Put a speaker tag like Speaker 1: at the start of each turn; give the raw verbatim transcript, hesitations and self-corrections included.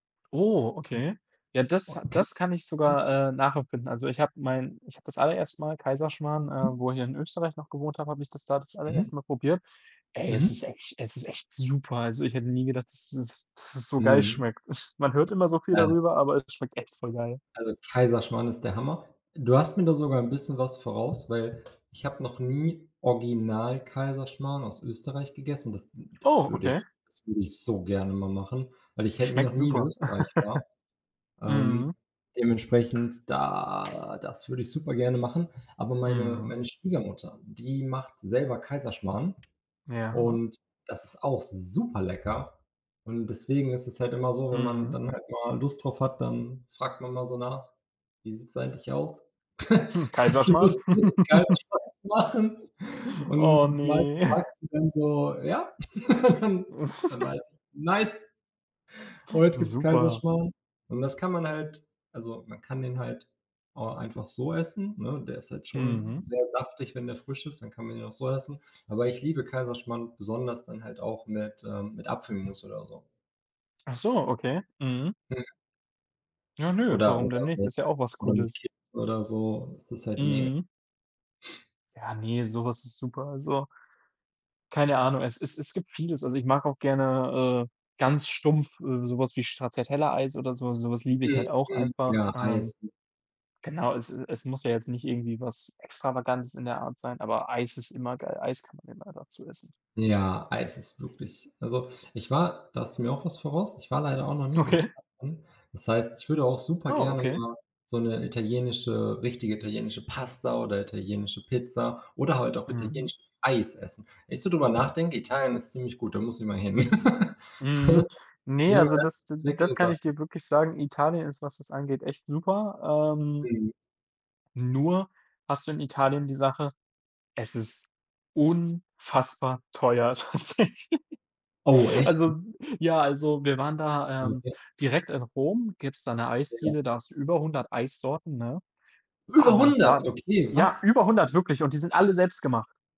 Speaker 1: Oh,
Speaker 2: Hm,
Speaker 1: okay. Ja, das
Speaker 2: okay.
Speaker 1: das kann ich
Speaker 2: [unintelligible]
Speaker 1: sogar, äh, nachempfinden. Also, ich habe mein ich habe das allererste Mal Kaiserschmarrn, äh,
Speaker 2: Mhm.
Speaker 1: wo ich hier in Österreich noch gewohnt habe, habe ich das da das
Speaker 2: Mhm.
Speaker 1: allererste Mal probiert. Ey, es ist
Speaker 2: Mhm.
Speaker 1: echt es ist echt super. Also, ich hätte nie gedacht, dass es dass es so geil
Speaker 2: Mhm.
Speaker 1: schmeckt. Man hört immer so viel
Speaker 2: Ja, s
Speaker 1: darüber, aber es schmeckt echt voll geil.
Speaker 2: Also, Kaiserschmarrn ist der Hammer. Du hast mir da sogar 'n bisschen was voraus, weil ich habe noch nie original Kaiserschmarrn aus Österreich gegessen. Das das
Speaker 1: Oh,
Speaker 2: würde
Speaker 1: okay.
Speaker 2: das würde ich so gerne mal machen, weil ich halt noch
Speaker 1: Schmeckt
Speaker 2: nie in
Speaker 1: super.
Speaker 2: Österreich war. Ähm,
Speaker 1: Mhm.
Speaker 2: dementsprechend, da das würde ich super gerne machen. Aber meine
Speaker 1: Mhm.
Speaker 2: meine Schwiegermutter, die macht selber Kaiserschmarrn
Speaker 1: Ja.
Speaker 2: und das ist auch super lecker und deswegen ist es halt immer so, wenn man
Speaker 1: Mhm.
Speaker 2: dann halt mal Lust drauf hat, dann fragt man mal so nach: „Wie sieht's eigentlich aus?
Speaker 1: Hm,
Speaker 2: Hast du
Speaker 1: Kaiserschmarrn?
Speaker 2: Lust, bisschen Kaiserschmarrn zu machen?“, und
Speaker 1: Oh ne.
Speaker 2: meistens sagt sie dann so: „Ja,“ dann dann weiß ich: „Nice, heut gibt's
Speaker 1: Super.
Speaker 2: Kaiserschmarrn“, und das kann man halt also, man kann den halt auch einfach so essen, ne? Der ist halt schon
Speaker 1: Mhm.
Speaker 2: sehr saftig, wenn der frisch ist, dann kann man ihn auch so essen. Aber ich liebe Kaiserschmarrn besonders dann halt auch mit ähm, mit Apfelmus oder so.
Speaker 1: Ach so, okay. Mhm.
Speaker 2: Hm.
Speaker 1: Ja nö,
Speaker 2: Oder
Speaker 1: warum denn
Speaker 2: oder
Speaker 1: nicht?
Speaker 2: mit
Speaker 1: Ist ja auch was
Speaker 2: oder mit
Speaker 1: Cooles.
Speaker 2: [unintelligible] oder so. Es ist halt meg
Speaker 1: Mhm. Ja, ne, so was ist super. Also keine Ahnung, es es es gibt vieles. Also, ich mag auch gerne, äh, ganz stumpf, äh, sowas wie Stracciatella-Eis oder so. Sowas liebe ich
Speaker 2: Mhm.
Speaker 1: halt auch
Speaker 2: Mhm.
Speaker 1: einfach.
Speaker 2: Ja, Eis.
Speaker 1: Ähm,
Speaker 2: [unintelligible]
Speaker 1: genau, es es muss ja jetzt nicht irgendwie was Extravagantes in der Art sein, aber Eis ist immer geil. Eis kann man immer dazu essen.
Speaker 2: Ja, Eis ist wirklich also, ich war da hast du mir auch was voraus, ich war leider auch noch nie in
Speaker 1: Okay.
Speaker 2: Italien. Das heißt, ich würde auch super
Speaker 1: Oh,
Speaker 2: gerne
Speaker 1: okay.
Speaker 2: mal so 'ne italienische, richtige italienische Pasta oder italienische Pizza oder halt auch
Speaker 1: Mhm.
Speaker 2: italienisches Eis essen. Wenn ich so drüber nachdenke, Italien ist ziemlich gut, da muss ich mal hin.
Speaker 1: Mhm.
Speaker 2: [unintelligible]
Speaker 1: Ne,
Speaker 2: die haben
Speaker 1: also
Speaker 2: ja
Speaker 1: das d
Speaker 2: [unintelligible]
Speaker 1: das
Speaker 2: leckere
Speaker 1: kann ich
Speaker 2: Sachen.
Speaker 1: dir wirklich sagen, Italien ist, was es angeht, echt super. Ähm
Speaker 2: Mhm.
Speaker 1: nur hast du in Italien die Sache, es ist unfassbar teuer tatsächlich.
Speaker 2: Oh, echt?
Speaker 1: Also,
Speaker 2: [unintelligible]
Speaker 1: ja also wir waren da,
Speaker 2: Oh,
Speaker 1: ähm,
Speaker 2: okay.
Speaker 1: direkt in Rom, gibt's da 'ne Eisdiele, da
Speaker 2: [unintelligible]
Speaker 1: hast du über hundert Eissorten, ne?
Speaker 2: Über
Speaker 1: Aber
Speaker 2: hundert,
Speaker 1: da
Speaker 2: okay,
Speaker 1: ja,
Speaker 2: was?
Speaker 1: über hundert wirklich und die sind alle selbst gemacht.